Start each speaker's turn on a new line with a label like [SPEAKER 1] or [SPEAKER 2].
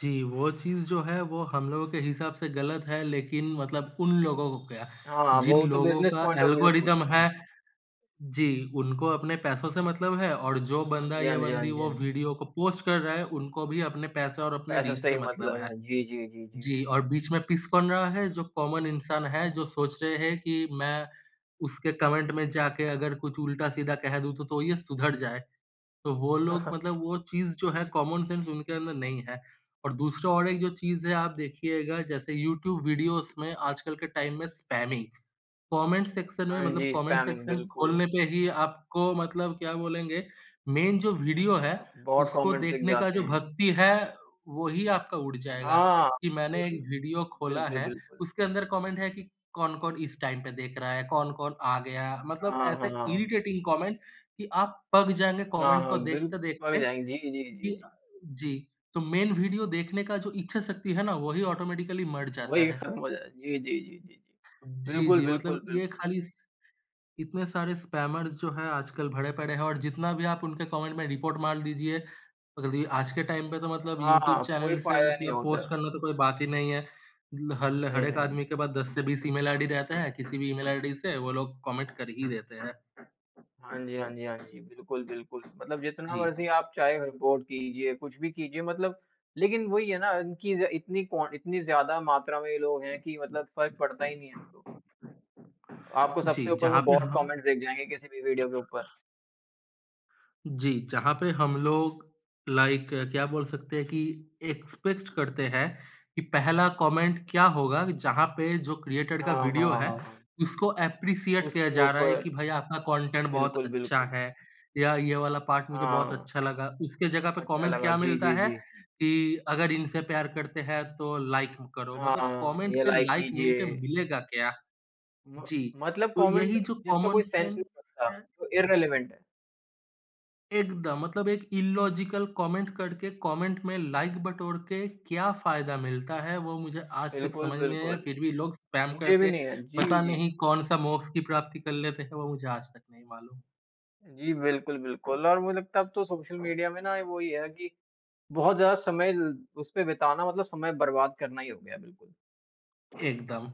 [SPEAKER 1] जी, वो चीज़ जो है वो हम लोगों के हिसाब से गलत है लेकिन मतलब उन लोगों को क्या,
[SPEAKER 2] हाँ,
[SPEAKER 1] जिन
[SPEAKER 2] वो तो
[SPEAKER 1] लोगों
[SPEAKER 2] बिज़नेस
[SPEAKER 1] का
[SPEAKER 2] पॉइंट ऑफ व्यू
[SPEAKER 1] एल्गोरिदम
[SPEAKER 2] सोचते
[SPEAKER 1] है?
[SPEAKER 2] हैं।
[SPEAKER 1] जी, उनको अपने पैसों से मतलब है और जो
[SPEAKER 2] हाँ
[SPEAKER 1] बंदा
[SPEAKER 2] जी, हाँ
[SPEAKER 1] या
[SPEAKER 2] जी, हाँ
[SPEAKER 1] बंदी
[SPEAKER 2] जी, हाँ
[SPEAKER 1] वो
[SPEAKER 2] जी।
[SPEAKER 1] वीडियो को पोस्ट कर रहा है, उनको भी अपने पैसे और अपने
[SPEAKER 2] पैसे
[SPEAKER 1] रीच
[SPEAKER 2] से
[SPEAKER 1] से
[SPEAKER 2] ही
[SPEAKER 1] मतलब
[SPEAKER 2] मतलब
[SPEAKER 1] है।
[SPEAKER 2] है। जी, जी, जी, जी।
[SPEAKER 1] जी, और बीच में पिस कौन रहा है? जो कॉमन इंसान है जो सोच रहे हैं कि मैं उसके कॉमेंट में जाके अगर कुछ उल्टा-सीधा कह दूँ तो तो ये सुधर जाए। तो वो लोग मतलब वो चीज़ जो है कॉमन सेंस उनके अंदर नहीं है। और दूसरा और एक जो चीज़ है आप देखिएगा जैसे यूट्यूब वीडियोज़ में आजकल के टाइम में स्पैमिंग। कॉमेंट सेक्शन में
[SPEAKER 2] हाँ
[SPEAKER 1] मतलब
[SPEAKER 2] जी,
[SPEAKER 1] कॉमेंट
[SPEAKER 2] स्पैमिंग,
[SPEAKER 1] सेक्शन खोलने
[SPEAKER 2] बिल्कुल।
[SPEAKER 1] पे ही आपको मतलब क्या बोलेंगे? मेन जो वीडियो है
[SPEAKER 2] बहुत
[SPEAKER 1] उसको
[SPEAKER 2] कमेंट्स लिख
[SPEAKER 1] देखने का
[SPEAKER 2] जाते
[SPEAKER 1] जो
[SPEAKER 2] हैं।
[SPEAKER 1] भक्ति है, वही आपका उड़ जाएगा,
[SPEAKER 2] हाँ,
[SPEAKER 1] कि मैंने एक वीडियो खोला
[SPEAKER 2] बिल्कुल,
[SPEAKER 1] है
[SPEAKER 2] बिल्कुल।
[SPEAKER 1] उसके अंदर कॉमेंट है कि कौन-कौन इस टाइम पे देख रहा है, कौन-कौन आ गया मतलब
[SPEAKER 2] हाँ,
[SPEAKER 1] ऐसे
[SPEAKER 2] हाँ।
[SPEAKER 1] इरिटेटिंग कॉमेंट कि आप पक जाएँगे
[SPEAKER 2] हाँ,
[SPEAKER 1] कॉमेंट को
[SPEAKER 2] हाँ बिल पक
[SPEAKER 1] देखते-देखते
[SPEAKER 2] जाएँगे, जी, जी, जी,
[SPEAKER 1] कि अ
[SPEAKER 2] जी।
[SPEAKER 1] जी तो मेन वीडियो देखने का जो इच्छा शक्ति है ना, वही ऑटोमैटिकली मर जाता
[SPEAKER 2] वही
[SPEAKER 1] है।
[SPEAKER 2] खत्म हो जाए जी, जी, जी, जी, जी।
[SPEAKER 1] जी,
[SPEAKER 2] बिल्कुल,
[SPEAKER 1] जी
[SPEAKER 2] बिल्कुल,
[SPEAKER 1] मतलब ये
[SPEAKER 2] बिल्कुल।
[SPEAKER 1] खाली स इतने सारे स्पैमर्स जो हैं आजकल भरे पड़े हैं और जितना भी आप उनके कॉमेंट में रिपोर्ट मार दीजिए जल्दी आज के टाइम पे तो मतलब यूट्यूब
[SPEAKER 2] हाँ, कोई
[SPEAKER 1] चैनल से
[SPEAKER 2] फायदा नहीं
[SPEAKER 1] मतलब
[SPEAKER 2] होता
[SPEAKER 1] पोस्ट
[SPEAKER 2] है।
[SPEAKER 1] करना तो कोई बात ही नहीं है। ल हल हर
[SPEAKER 2] नहीं,
[SPEAKER 1] एक
[SPEAKER 2] नहीं।
[SPEAKER 1] आदमी के पास 10 से 20 ईमेल आईडी रहता हैं, किसी भी ईमेल आईडी से वो लोग कॉमेंट कर ही देते हैं।
[SPEAKER 2] हाँ जी, हाँ जी, हाँ जी। बिल्कुल, बिल्कुल। मतलब जितना
[SPEAKER 1] जी।
[SPEAKER 2] मर्ज़ी आप चाहे रिपोर्ट कीजिए, कुछ भी कीजिए मतलब लेकिन वही है ना इनकी ज़ इतनी कॉन इतनी ज़्यादा मात्रा में ये लोग हैं कि मतलब फ़र्क पड़ता ही नहीं है अब तो। आपको
[SPEAKER 1] जी,
[SPEAKER 2] सबसे ऊपर
[SPEAKER 1] जहाँ
[SPEAKER 2] वो
[SPEAKER 1] पे
[SPEAKER 2] बॉट
[SPEAKER 1] ह
[SPEAKER 2] कमेंट्स दिख जाएँगे किसी भी वीडियो के ऊपर।
[SPEAKER 1] जी, जहाँ पे हम लोग लाइक, क्या बोल सकते हैं, कि एक्सपेक्ट करते हैं कि पहला कॉमेंट क्या होगा जहाँ पे जो क्रिएटर का
[SPEAKER 2] हाँ, हाँ,
[SPEAKER 1] वीडियो है
[SPEAKER 2] हाँ, हाँ।
[SPEAKER 1] उसको एप्रिशिएट किया
[SPEAKER 2] उसके
[SPEAKER 1] जा रहा है
[SPEAKER 2] ऊपर
[SPEAKER 1] कि भाई आपका कॉन्टेंट बहुत
[SPEAKER 2] बिल्कुल,
[SPEAKER 1] अच्छा
[SPEAKER 2] बिल्कुल।
[SPEAKER 1] है, या ये वाला पार्ट मुझे बहुत
[SPEAKER 2] हाँ।
[SPEAKER 1] अच्छा लगा। उसके जगह पे
[SPEAKER 2] अच्छा
[SPEAKER 1] कॉमेंट
[SPEAKER 2] लगा,
[SPEAKER 1] क्या
[SPEAKER 2] जी,
[SPEAKER 1] मिलता
[SPEAKER 2] जी,
[SPEAKER 1] है?
[SPEAKER 2] जी।
[SPEAKER 1] कि अगर इनसे प्यार करते हैं तो लाइक करो मतलब
[SPEAKER 2] हाँ,
[SPEAKER 1] कॉमेंट
[SPEAKER 2] ये
[SPEAKER 1] पे
[SPEAKER 2] लाइक
[SPEAKER 1] लाइक मिलके
[SPEAKER 2] कीजिए।
[SPEAKER 1] मिलेगा क्या?
[SPEAKER 2] म
[SPEAKER 1] जी।
[SPEAKER 2] मतलब
[SPEAKER 1] तो
[SPEAKER 2] कॉमेंट
[SPEAKER 1] यही जो
[SPEAKER 2] जिसका
[SPEAKER 1] कॉमन
[SPEAKER 2] कोई सेंस नहीं
[SPEAKER 1] सेंस
[SPEAKER 2] बनता,
[SPEAKER 1] है
[SPEAKER 2] जो इर्रेलेवेंट है।
[SPEAKER 1] एकदम, मतलब एक इल्लॉजिकल कॉमेंट करके, कॉमेंट में लाइक बटोर के क्या फ़ायदा मिलता है? वो मुझे आज तक
[SPEAKER 2] बिल्कुल,
[SPEAKER 1] समझ नहीं आया।
[SPEAKER 2] बिल्कुल।
[SPEAKER 1] फिर भी लोग स्पैम
[SPEAKER 2] मुझे भी
[SPEAKER 1] करके
[SPEAKER 2] नहीं है। जी,
[SPEAKER 1] पता
[SPEAKER 2] जी।
[SPEAKER 1] नहीं कौन-सा मोक्ष की प्राप्ति कर लेते हैं वो मुझे आज तक नहीं मालूम।
[SPEAKER 2] जी, बिल्कुल, बिल्कुल। और मुझे लगता है अब तो सोशल मीडिया में ना वही है कि बहुत ज़्यादा समय, उसपे बिताना मतलब समय बर्बाद करना ही हो गया है बिल्कुल।
[SPEAKER 1] एकदम।